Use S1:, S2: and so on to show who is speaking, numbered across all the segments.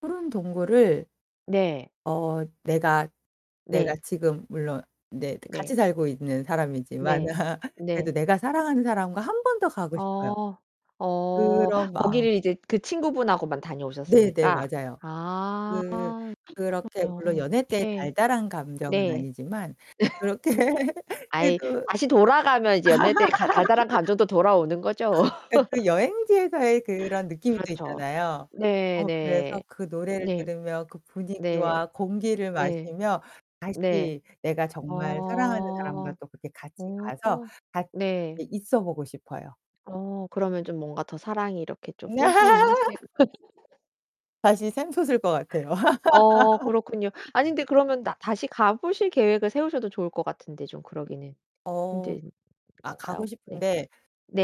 S1: 푸른 동굴을
S2: 네.
S1: 어 내가, 내가
S2: 네.
S1: 지금 물론 네 이제 같이
S2: 네.
S1: 살고 있는 사람이지만
S2: 네.
S1: 그래도
S2: 네.
S1: 내가 사랑하는 사람과 1 번 더 가고 싶어요.
S2: 어. 어.
S1: 그런 마음.
S2: 거기를 이제 그 친구분하고만
S1: 네네
S2: 다녀오셨으니까
S1: 맞아요.
S2: 아
S1: 그 그렇게 물론
S2: 그러네요.
S1: 연애 때
S2: 네.
S1: 달달한 감정은
S2: 네.
S1: 아니지만 그렇게
S2: 아이
S1: 해도
S2: 다시 돌아가면 이제 연애 때 가 달달한 감정도 돌아오는 거죠.
S1: 그니까 그 여행지에서의 그런 느낌이 또
S2: 그렇죠.
S1: 있잖아요. 어 그래서
S2: 네네.
S1: 그 노래를
S2: 네.
S1: 들으며 그
S2: 네.
S1: 분위기와 공기를
S2: 네.
S1: 마시며
S2: 네.
S1: 다시 내가 정말 사랑하는
S2: 어.
S1: 사람과 또 그렇게 같이
S2: 어.
S1: 가서 같
S2: 네.
S1: 이 있어 보고 싶어요.
S2: 어 그러면 좀 뭔가 더 사랑이 이렇게 좀 뿜뿜하실
S1: 다시 샘솟을 것 같아요.
S2: 어 그렇군요. 아니 근데 그러면 나 다시 가 보실 계획을 세우셔도 좋을 것 같은데 좀 그러기는
S1: 어
S2: 힘든
S1: 아 가고
S2: 건가요? 네.
S1: 싶은데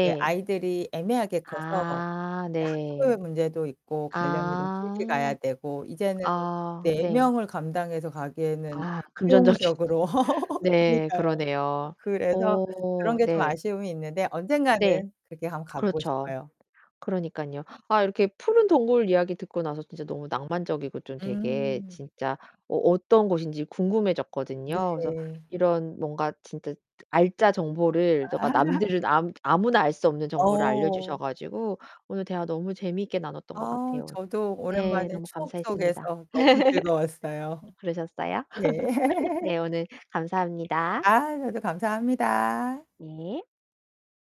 S1: 이제 아이들이 애매하게 커서
S2: 아
S1: 이제 학교의
S2: 네.
S1: 문제도 있고 가려면 좀 길게
S2: 아.
S1: 가야 되고 이제는
S2: 아
S1: 4
S2: 네.
S1: 명을 감당해서 가기에는
S2: 아, 금전적인
S1: 수용적으로
S2: 네.
S1: 그러니까요.
S2: 그러네요.
S1: 그래서
S2: 어.
S1: 그런 게 좀
S2: 네.
S1: 아쉬움이 있는데
S2: 네.
S1: 언젠가는 그렇게 한번 가 보고
S2: 그렇죠.
S1: 싶어요.
S2: 그러니깐요. 아 이렇게 푸른 동굴 이야기 듣고 나서 진짜 너무 낭만적이고 좀 되게
S1: 음.
S2: 진짜 어 어떤 곳인지 궁금해졌거든요. 그래서
S1: 네.
S2: 이런 뭔가 진짜 알짜 정보를 저가 남들을 아 아무나 알 수 없는 정보를
S1: 어.
S2: 알려주셔 가지고 오늘 대화 너무 재미있게 나눴던 것
S1: 아,
S2: 같아요.
S1: 저도
S2: 네.
S1: 오랜만에
S2: 너무
S1: 추억
S2: 감사했습니다.
S1: 속에서 너무 즐거웠어요.
S2: 그러셨어요?
S1: 예.
S2: 네, 오늘 감사합니다.
S1: 아, 저도 감사합니다.
S2: 네.